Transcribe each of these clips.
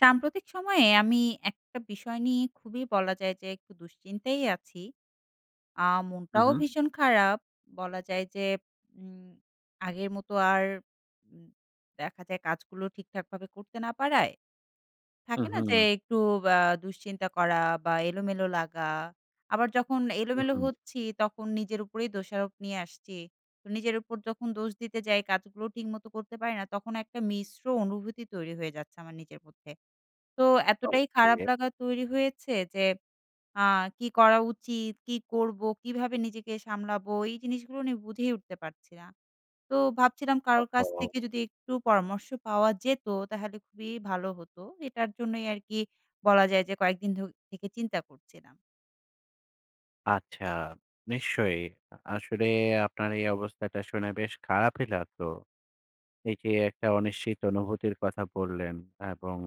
সাম্প্রতিক সময়ে আমি একটা বিষয় নিয়ে খুবই বলা যায় যে একটু দুশ্চিন্তায় আছি। আ উম মনটাও হুম। ভীষণ খারাপ বলা যায় যে উম আগের মতো আর উ দেখা যায় কাজগুলো ঠিকঠাকভাবে করতে না পারায়। থাকে উম না? যে হুম। একটু আ দুশ্চিন্তা করা বা এলোমেলো লাগা। আবার যখন উম এলোমেলো হুম। হচ্ছি তখন নিজের উপরেই দোষারোপ নিয়ে আসছি। তো নিজের উপর যখন দোষ দিতে যাই কাজগুলো ঠিকমতো করতে পারি না। তখন একটা মিশ্র অনুভূতি তৈরি হয়ে যাচ্ছে আমার নিজের মধ্যে। তো এতটাই খারাপ ওকে। লাগা তৈরি হয়েছে। যে আ কী করা উচিত? কী করব? কীভাবে নিজেকে সামলাবো? এই জিনিসগুলো নি বুঝেই উঠতে পারছি না। তো ভাবছিলাম কারোর কাছ ওহহো! থেকে যদি একটু পরামর্শ পাওয়া যেত, তাহলে খুবই ভালো হতো। এটার জন্যই আর কি বলা যায় যে কয়েকদিন ধো থেকে চিন্তা করছিলাম। আচ্ছা নিশ্চয়ই। আ আসলে আপনার এই অবস্থাটা শুনে বেশ খারাপই লাগলো। এই যে একটা অনিশ্চিত অনুভূতির কথা বললেন এবং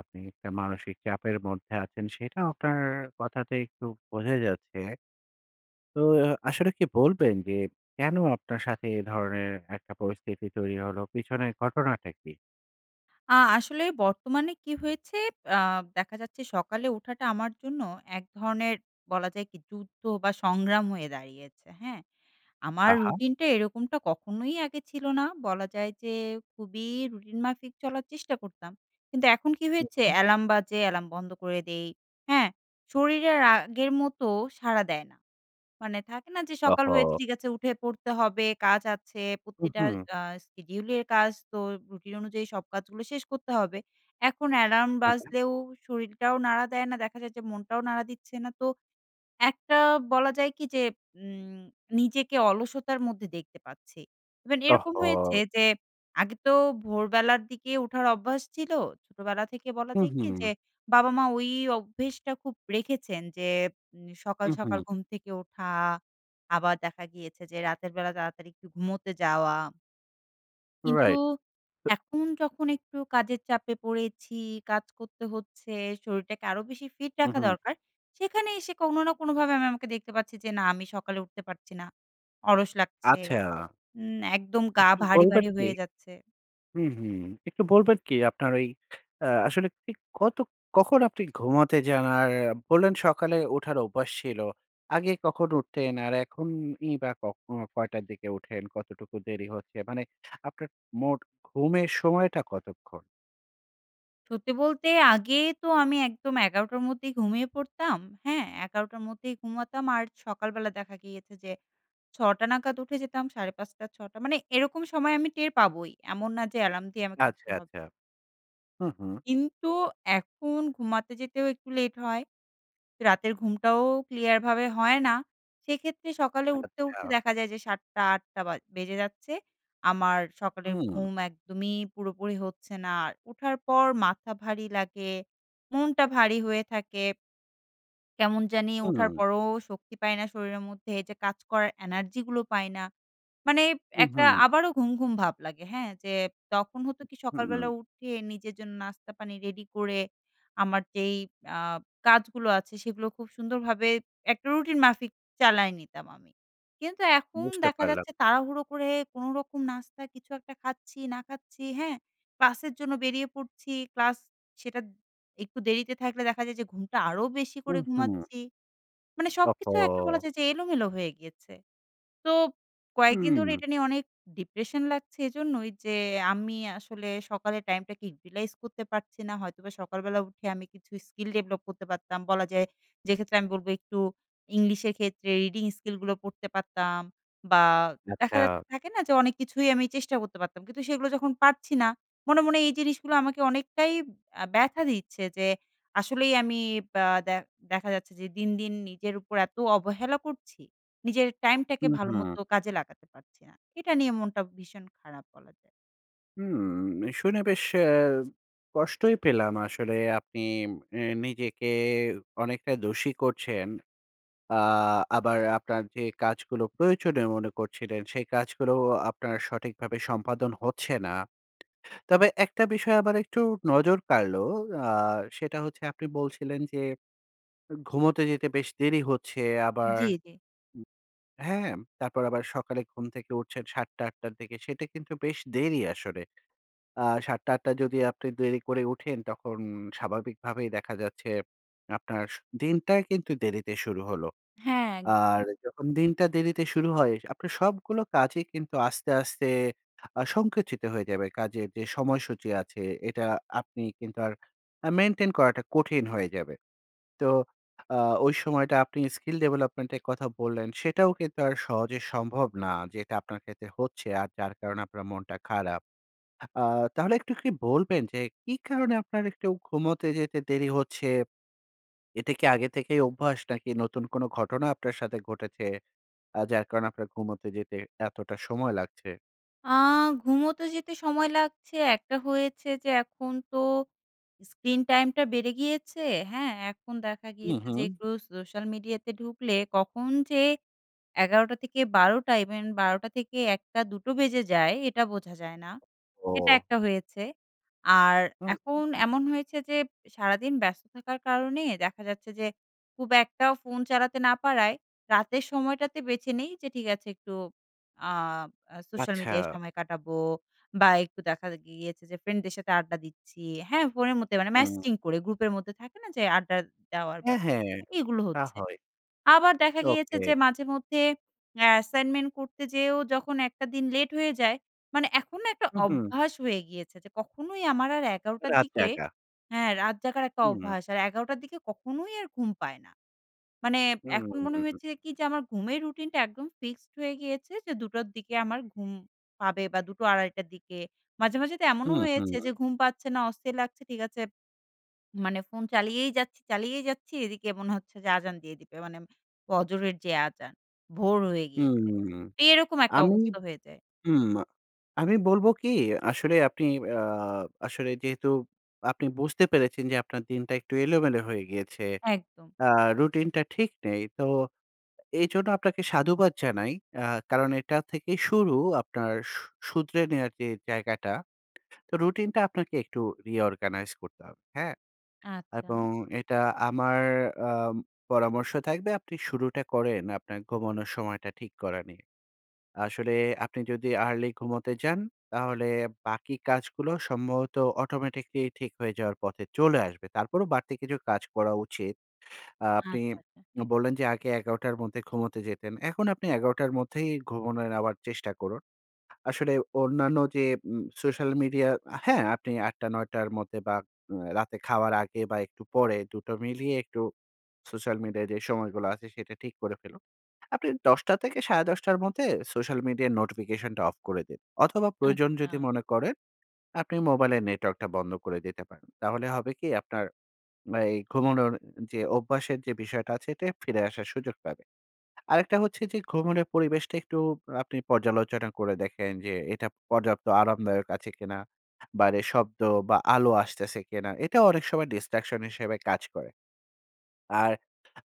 আপনি একটা মানসিক চাপের মধ্যে আছেন। সেটা আপনার কথাতে একটু বোঝাই যাচ্ছে। তো আসলে কি বলবেন? যে কেন আপনার সাথে এ ধরনের একটা পরিস্থিতি তৈরি হল, পিছনের ঘটনাটা কী? আ আসলে বর্তমানে কি হয়েছে, আ দেখা যাচ্ছে সকালে ওঠাটা আমার জন্য এক ধরনের বলা যায় কি যুদ্ধ বা, সংগ্রাম হয়ে দাঁড়িয়েছে। হ্যাঁ? আমার আহা। রুটিনটা এরকমটা কখনোই আগে ছিল না। বলা যায় যে, খুবই রুটিন মাফিক চলার চেষ্টা করতাম। কিন্তু এখন কি হু, হয়েছে হু। অ্যালার্ম বাজে, অ্যালার্ম বন্ধ করে দেই। হ্যাঁ? শরীর আর আগের মতো সাড়া দেয় না। মানে থাকে না যে, ওহ "সকাল হয়েছে, হো! ঠিক আছে, উঠে পড়তে হবে, কাজ আছে। হু, প্রতিটা হু। আ শিডিউলের কাজ তো রুটিন অনুযায়ী সব কাজগুলো শেষ করতে হবে।" এখন অ্যালার্ম হু, হু। বাজলেও শরীরটাও নাড়া দেয় না। দেখা যায় যে মনটাও নাড়া দিচ্ছে না। তো একটা বলা যায় কি যে, ইম নিজেকে অলসতার মধ্যে দেখতে পাচ্ছি। ইভেন অহ এরকম হয়েছে হো! যে আগে তো ভোরবেলার দিকে ওঠার অভ্যাস ছিল। ছোটবেলা থেকে বলা হু, যায় কি যে, হু। বাবা-মা ওই অভ্যেসটা খুব রেখেছেন যে, নে সকাল, হু, সকাল হু। ঘুম থেকে ওঠা। আবার দেখা গিয়েছে যে রাতের বেলা তাড়াতাড়ি একটু ঘুমোতে যাওয়া। কিন্তু, রাইট। এখন যখন একটু কাজের চাপে পড়েছি, কাজ করতে হচ্ছে। শরীরটাকে আরো বেশি ফিট হু, রাখা হু। দরকার। সেখানে এসে কোনো না কোনোভাবে আমি আমাকে দেখতে পাচ্ছি যে না আমি সকালে উঠতে পারছি না। অলস লাগছে, আচ্ছা। উম একদম গা একটু ভারি, বলবেন ভারি কি হয়ে যাচ্ছে হুম, হুম। একটু বলবেন কি আপনার ঐ অ্যা আসলে ঠিক কত কখন আপনি ঘুমাতে যান? আর বললেন সকালে ওঠার অভ্যাস ছিল। আগে কখন উঠতেন? আর এখনই বা কখন কয়টার দিকে উঠেন? কতটুকু দেরি হচ্ছে? মানে আপনার মোট ঘুমের সময়টা কতক্ষণ? সত্যি বলতে, আগে তো আমি একদম ১১ টার মধ্যেই ঘুমিয়ে পড়তাম। হ্যাঁ? ১১ টার মধ্যেই ঘুমাতাম। আর সকালবেলা দেখা গিয়েছে যে ৬ টা নাগাদ উঠে যেতাম ৫ঃ৩০ ৬ টা। মানে এরকম সময় আমি টের পাবই। এমন না যে এলার্ম দিয়ে আমাকে উঠতে আচ্ছা, হবে। আচ্ছা। হুম, হুম। কিন্তু এখন ঘুমাতে যেতেও একটু লেট হয়। রাতের ঘুমটাও clear ভাবে হয়না। সেক্ষেত্রে সকালে উঠতে, আচ্ছা। উঠতে দেখা যায় যে ৭ টা ৮ টা বা বেজে যাচ্ছে, আমার সকালের হুম। ঘুম একদমই পুরোপুরি হচ্ছে না। আর ওঠার পর মাথা ভারী লাগে, মনটা ভারী হয়ে থাকে কেমন জানি ওঠার হুম। পরেও শক্তি পাই না শরীরের মধ্যে এইযে কাজ করার energy গুলো পাই না। মানে উ একটা হুম। আবারও ঘুমঘুম ভাব লাগে, হ্যাঁ? যে তখন হতো কি উ সকালবেলা হুম। উঠে নিজের জন্য নাস্তা পানি রেডি করে আমার যেই আ কাজগুলো আছে সেগুলো খুব সুন্দরভাবে একটা রুটিন মাফিক চালায় নিতাম আমি। কিন্তু এখন বুঝতে দেখা পারলাম। যাচ্ছে তাড়াহুড়ো করে কোনোরকম নাস্তা কিছু একটা খাচ্ছি, না খাচ্ছি হ্যাঁ? ক্লাসের জন্য বেরিয়ে পড়ছি, ক্লাস সেটা একটু দেরিতে থাকলে দেখা যায় যে ঘুমটা আরও বেশি উ করে হুম। ঘুমাচ্ছি। মানে সবকিছু একটা বলা ওহহো! যায় যে এলোমেলো হয়ে গিয়েছে। তো কয়েকদিন ধরে হুম। এটা নিয়ে অনেক depression লাগছে এইজন্যই যে আমি আসলে সকালের টাইমটাকে utilize করতে পারছি না হয়তোবা সকালবেলা উঠে আমি কিছু skill develop করতে পারতাম, বলা যায় যে ক্ষেত্রে আমি বলবো একটু ইংলিশের ক্ষেত্রে reading skill গুলো পড়তে পারতাম। বা দেখা যাচ্ছে আচ্ছা। থাকে না? ঠিক আছে অনেক কিছুই আমি চেষ্টা করতে পারতাম। কিন্তু সেগুলো যখন পারছি না, মনে, মনে এই জিনিসগুলো আমাকে অনেকটাই অ্যা ব্যথা দিচ্ছে যে আসলেই আমি বা দে দেখা যাচ্ছে যে দিন, দিন নিজের উপর এত অবহেলা করছি, নিজের টাইমটাকে উ হুম। ভালোমতো কাজে লাগাতে পারছি না। এটা নিয়ে মনটা ভীষণ খারাপ বলা যায়। হুম। শুনে বেশ অ্যা কষ্টই পেলাম আসলে আপনি এ নিজেকে অনেকটা দোষী করছেন। আ আবার আপনার যে কাজগুলো প্রয়োজনীয় মনে করছিলেন সেই কাজগুলো আপনার সঠিকভাবে সম্পাদন হচ্ছে না, তবে একটা বিষয় আবার একটু নজর কাড়লো, আ সেটা হচ্ছে আপনি বলছিলেন, অ যে ঘুমোতে যেতে বেশ দেরি হচ্ছে আবার জি, উ জি। হ্যাঁ, হ্যাঁ, তারপর আবার সকালে ঘুম থেকে উঠছেন ৭ টা, ৮ টার দিক থেকে সেটা কিন্তু বেশ দেরি আসলে। আ ৭ টা, ৮ টা যদি আপনি দেরি করে উঠেন তখন স্বাভাবিকভাবেই দেখা যাচ্ছে আপনার স দিনটা কিন্তু দেরিতে শুরু হলো। হ্যাঁ। আর যখন দিনটা দেরিতে শুরু হয়, আপনি সবগুলো কাজই কিন্তু আস্তে, আস্তে আ সংকুচিত হয়ে যাবে। কাজের যে সময়সূচি আছে এটা আপনি কিন্তু আর আ মেইনটেইন করাটা কঠিন হয়ে যাবে। তো আ ওই সময়টা আপনি skill development এর কথা বললেন, সেটাও কিন্তু আর সহজে সম্ভব না। যেটা আপনার ক্ষেত্রে হচ্ছে আর যার কারণে আপনার মনটা খারাপ। আ তাহলে একটু কি বলবেন যে, কী কারণে আপনার একটু ঘুমোতে যেতে দেরি হচ্ছে? এটা কি আগে থেকেই অভ্যাস নাকি নতুন কোন ঘটনা আপনার সাথে ঘটেছে আ যার কারণে আপনার ঘুমোতে যেতে এতটা সময় লাগছে? আ ঘুমোতে যেতে সময় লাগছে একটা হয়েছে যে এখন তো screentime টা বেড়ে গিয়েছে। হ্যাঁ? এখন দেখা হুম, গিয়েছে যে হুম। একটু সোশ্যাল মিডিয়াতে ঢুকলে কখন যে ১১ঃ০০-১২ঃ০০ even ১২ঃ০০-১ঃ০০, ২ঃ০০ বেজে যায় এটা বোঝা যায় না। এটা ওহ। একটা হয়েছে। আর হুম, এখন হুম, হুম। এমন হয়েছে যে, সারাদিন ব্যস্ত থাকার কারণে দেখা যাচ্ছে যে খুব একটা ফোন চালাতে না পারায়, রাতের সময়টাতে বেঁছে নেই যে ঠিক আছে একটু আ সোশ্যাল মিডিয়ায় আচ্ছা। সময় কাটাবো, বা একটু দেখা গিয়েছে যে ফ্রেন্ডদের সাথে আড্ডা দিচ্ছি। হ্যাঁ? ফোনের মধ্যে, মানে হুম। ম্যাসেজিং করে গ্রুপের মধ্যে, থাকে না যে আড্ডা দেওয়ার হ্যাঁ, হ্যাঁ। ব্যাপারগুলো? এগুলো তা হচ্ছে। হয়। আবার দেখা গিয়েছে ওকে। যে মাঝে মধ্যে অ্যা অ্যাসাইনমেন্ট করতে যেয়েও যখন একটা দিন লেট হয়ে যায়, মানে এখন না একটা হুম, হুম। অভ্যাস হয়ে গিয়েছে যে কখনোই আমার আর ১১ঃ০০ রাত দিকে জাগা। হ্যাঁ, রাত জাগার একটা হুম। অভ্যাস আর ১১ঃ০০ দিকে কখনোই আর ঘুম পায় না। মানে হুম। এখন হুম, মনে হুম। হয়েছে কি যে আমার ঘুমের রুটিনটা একদম fixed হয়ে গিয়েছে যে ২ঃ০০ দিকে আমার ঘুম পাবে বা ২ঃ০০, ২ঃ৩০ দিকে, মাঝে মাঝে তো এমনও হুম, হুম। হয়েছে যে ঘুম পাচ্ছে না, অস্থির লাগছে ঠিক আছে মানে ফোন চালিয়েই যাচ্ছি, চালিয়েই যাচ্ছি এদিকে মনে হচ্ছে যে আযান দিয়ে দিবে। মানে ফজরের যে আযান, ভোর হয়ে গিয়েছে। হুম। এরকম একটা আমি অবস্থা হয়ে যায়। হুম। আমি বলবো কি, আসলে আপনি অ্যা আসলে যেহেতু আপনি বুঝতে পেরেছেন যে আপনার দিনটা একটু এলোমেলো হয়ে গিয়েছে। একদম। অ্যা রুটিনটা ঠিক নেই। তো এইজন্য আপনাকে সাধুবাদ জানাই। অ্যা কারণ এটা থেকে শুরু আপনার শু শুধরে নেওয়ার যে জায়গাটা। তো রুটিনটা আপনাকে একটু reorganize করতে হবে। হ্যাঁ? আচ্ছা। এবং এটা আমার আম পরামর্শ থাকবে আপনি শুরুটা করেন আপনার ঘুমানোর সময়টা ঠিক করা নিয়ে। আসলে আপনি যদি early ঘুমোতে যান, তাহলে বাকি কাজগুলো সম্ভবত automatically ঠিক হয়ে যাওয়ার পথে চলে আসবে। তারপরও বাড়তি কিছু কাজ করা উচিত। আ আপনি আচ্ছা, আচ্ছা। বললেন যে, আগে ১১ঃ০০ মধ্যে ঘুমোতে যেতেন। এখন আপনি ১১ঃ০০ মধ্যেই ঘুমোনোর আবার চেষ্টা করুন। আসলে অন্যান্য যে উম সোশ্যাল মিডিয়া, হ্যাঁ, আপনি ৮ঃ০০, ৯ঃ০০ মধ্যে বা আ রাতে খাওয়ার আগে বা একটু পরে ২ টো মিলিয়ে একটু সোশ্যাল মিডিয়ায় যে সময়গুলো আছে সেটা ঠিক করে ফেলুন। আপনি ১০ঃ০০ - ১০ঃ৩০ মধ্যে সোশ্যাল মিডিয়ার নোটিফিকেশনটা অফ করে দিন। অথবা প্রয়োজন আচ্ছা। যদি মনে করেন, আপনি মোবাইলের নেটওয়ার্কটা বন্ধ করে দিতে পারেন। তাহলে হবে কি আপনার এই ঘুমানোর যে অভ্যাসের যে বিষয়টা আছে, এটা ফিরে আসার সুযোগ পাবে। আরেকটা হচ্ছে যে ঘুমোনের পরিবেশটা একটু আপনি পর্যালোচনা করে দেখেন যে এটা পর্যাপ্ত আরামদায়ক আছে কিনা? বাইরের শব্দ বা আলো আসতেছে কিনা? এটাও অনেক সময় distraction হিসাবে কাজ করে। আর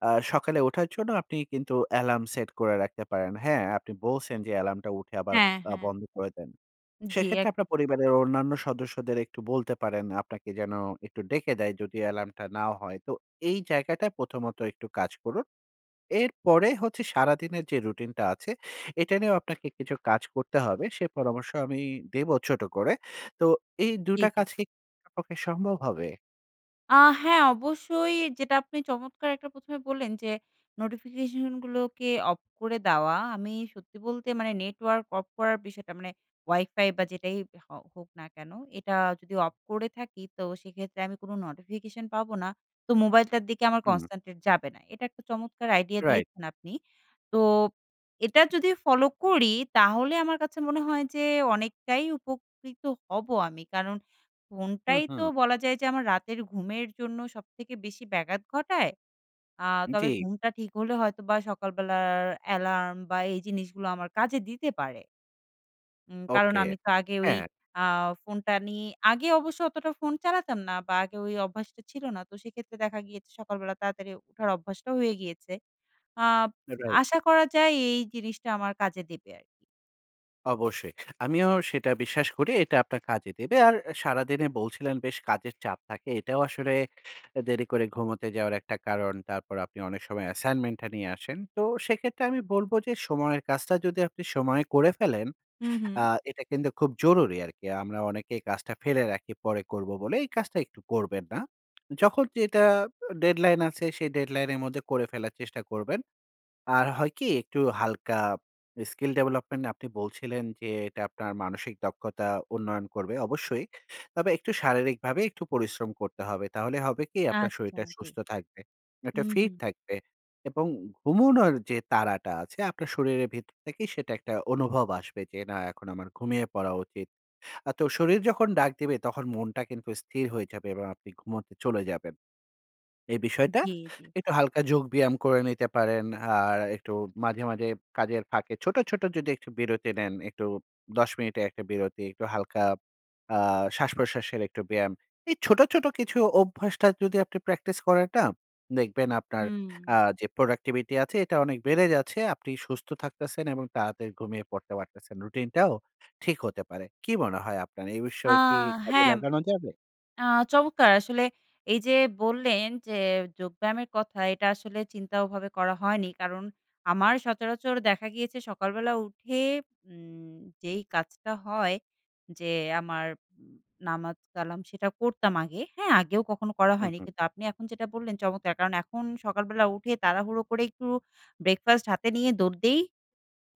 অ্যা সকালে ওঠার জন্য আপনি কিন্তু অ্যালার্ম সেট করে রাখতে পারেন। হ্যাঁ, আপনি বলছেন যে অ্যালার্মটা উঠে আবার হ্যাঁ, আ হ্যাঁ। বন্ধ করে দেন। জ্বি, সেক্ষেত্রে একদম। আপনার পরিবারের অন্যান্য সদস্যদের একটু বলতে পারেন আপনাকে যেন একটু ডেকে দেয় যদি অ্যালার্মটা না হয়। তো এই জায়গাটা প্রথমত একটু কাজ করুন। এরপরে হচ্ছে সারাদিনের যে রুটিনটা আছে, এটা নিয়েও আপনাকে কিছু কাজ করতে হবে। সে পরামর্শ আমি দেব ছোট করে। তো এই জি, ২টা জি। কাজ কি করা আপনার পক্ষে সম্ভব হবে? আ হ্যাঁ অবশ্যই যেটা আপনি চমৎকার একটা ১ম এ বললেন যে নোটিফিকেশনগুলোকে অফ করে দেওয়া। আমি সত্যি বলতে মানে নেটওয়ার্ক অফ করার বিষয়টা মানে ওয়াইফাই বা যেটাই হ হোক না কেন, এটা যদি অফ করে থাকি তো সেক্ষেত্রে আমি কোনো নোটিফিকেশন পাবো না। তো মোবাইলটার দিকে আমার হুম। concentrate যাবে না। এটা একটা চমৎকার আইডিয়া রাইট। দিয়েছেন আপনি। তো এটা যদি ফলো করি তাহলে আমার কাছে মনে হয় যে অনেকটাই উপকৃত হব আমি। কারণ হুম, ফোনটাই তো হুম। বলা যায় যে আমার রাতের ঘুমের জন্য সবথেকে বেশি ব্যাঘাত ঘটায়, আ তবে জি। ঘুমটা ঠিক হলে হয়তো বা সকালবেলার অ্যালার্ম বা এই জিনিসগুলো আমার কাজে দিতে পারে। উম কারণ ওকে, আমি তো আগে ওই হ্যাঁ। আ ফোনটা নিয়ে, আগে অবশ্য অতটা ফোন চালাতাম না বা আগে ওই অভ্যাসটা ছিল না। তো সেক্ষেত্রে দেখা গিয়েছে সকালবেলা তাড়াতাড়ি উঠার অভ্যাসটা হয়ে গিয়েছে। Up right. আশা করা যায় এই জিনিসটা আমার কাজে দেবে আরকি। অবশ্যই আমিও সেটা বিশ্বাস করি এটা আপনার কাজে দেবে। আর সারাদিনে বলছিলেন বেশ কাজের চাপ থাকে, এটাও আসলে এ দেরি করে ঘুমোতে যাওয়ার একটা কারণ। তারপর আপনি অনেক সময় অ্যাসাইনমেন্টটা নিয়ে আসেন। তো সেক্ষেত্রে আমি বলব যে সময়ের কাজটা যদি আপনি সময়ে করে ফেলেন হুম, হুম। আ এটা কিন্তু খুব জরুরি আরকি। আমরা অনেকেই কাজটা ফেলে রাখি পরে করব বলে। এই কাজটা একটু করবেন না। যখন যেটা আ ডেডলাইন আছে সেই ডেডলাইনের মধ্যে করে ফেলার চেষ্টা করবেন। আর হয় কি একটু হালকা skill development আপনি বলছিলেন যে এটা আপনার মানসিক দক্ষতা উন্নয়ন করবে, অবশ্যই। তবে একটু শারীরিকভাবে একটু পরিশ্রম করতে হবে। তাহলে হবে কি, আপনার আচ্ছা, শরীরটা জি। সুস্থ থাকবে, একটা হুম, ফিট হুম। থাকবে এবং ঘুমোনোর যে তাড়াটা আছে আপনার শরীরের ভেতর থেকেই সেটা একটা অনুভব আসবে যে, "না এখন আমার ঘুমিয়ে পড়া উচিত।" আ তো শরীর যখন ডাক দিবে তখন মনটা কিন্তু স্থির হয়ে যাবে এবং আপনি ঘুমোতে চলে যাবেন। এ বিষয়টা জি, জি। একটু হালকা যোগ ব্যায়াম করে নিতে পারেন। আর একটু মাঝে, মাঝে কাজের ফাঁকে ছোট, ছোট যদি একটু বিরতি নেন, একটু ১০ মিনিট এর একটা বিরতি, একটু হালকা আ শ্বাসপ্রশ্বাসের একটু ব্যায়াম। এই ছোট, ছোট কিছু অভ্যাসটা যদি আপনি প্র্যাকটিস করেন না, দেখবেন আপনার আ হুম। যে productivity আছে এটা অনেক বেড়ে যাচ্ছে, আপনি সুস্থ থাকতেছেন এবং তাড়াতাড়ি ঘুমিয়ে পড়তে পারতেছেন। রুটিন টাও ঠিক হতে পারে। কী মনে হয় আপনার? এই আ বিষয়ে কি কাজে হ্যাঁ। লাগানো যাবে? আ চমৎকার আসলে এই যে বললেন যে, যোগব্যায়ামের কথা, এইটা আসলে চিন্তা ওভাবে করা হয়নি। কারণ আমার সচরাচর দেখা গিয়েছে সকালবেলা উঠে উম যেই কাজটা হয় যে আমার উ নামাজ কালাম সেটা করতাম আগে। হ্যাঁ, আগেও কখনো করা হুম, হয়নি। হুম। কিন্তু আপনি এখন যেটা বললেন চমৎকার। কারণ এখন সকালবেলা উঠে তাড়াহুড়ো করে একটু ব্রেকফাস্ট হাতে নিয়ে দৌড় দেই।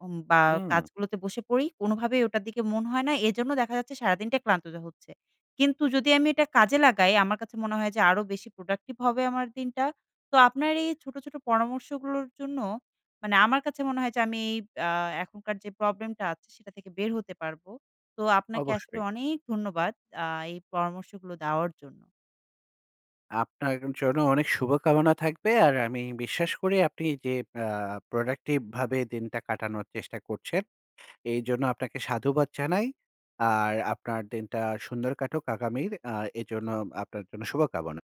উম বা হুম। কাজগুলোতে বসে পড়ি। কোনোভাবেই ওটার দিকে মনে হয় না, এজন্য দেখা যাচ্ছে সারাদিনটা ক্লান্ত যা হচ্ছে। কিন্তু যদি আমি এটা কাজে লাগাই আমার কাছে মনে হয় যে আরো বেশি প্রোডাক্টিভ হবে আমার দিনটা, তো আপনার এই ছোট, ছোট পরামর্শগুলোর জন্য মানে আমার কাছে মনে হয় যে আমি এইব আ এখনকার যে প্রবলেমটা আছে, সেটা থেকে বের হতে পারবো। তো আপনাকে আসলে অবশ্যই। অনেক ধন্যবাদ! আ এই পরামর্শগুলো দেওয়ার জন্য। আপনার জন্য অনেক শুভকামনা থাকবে। আর আমি বিশ্বাস করি আপনি যে আ প্রোডাক্টিভভাবে দিনটা কাটানোর চেষ্টা করছেন, এইজন্য আপনাকে সাধুবাদ জানাই। আর আপনার দিনটা সুন্দর কাটুক আগামীর। আ এজন্য আপনার জন্য শুভকামনা।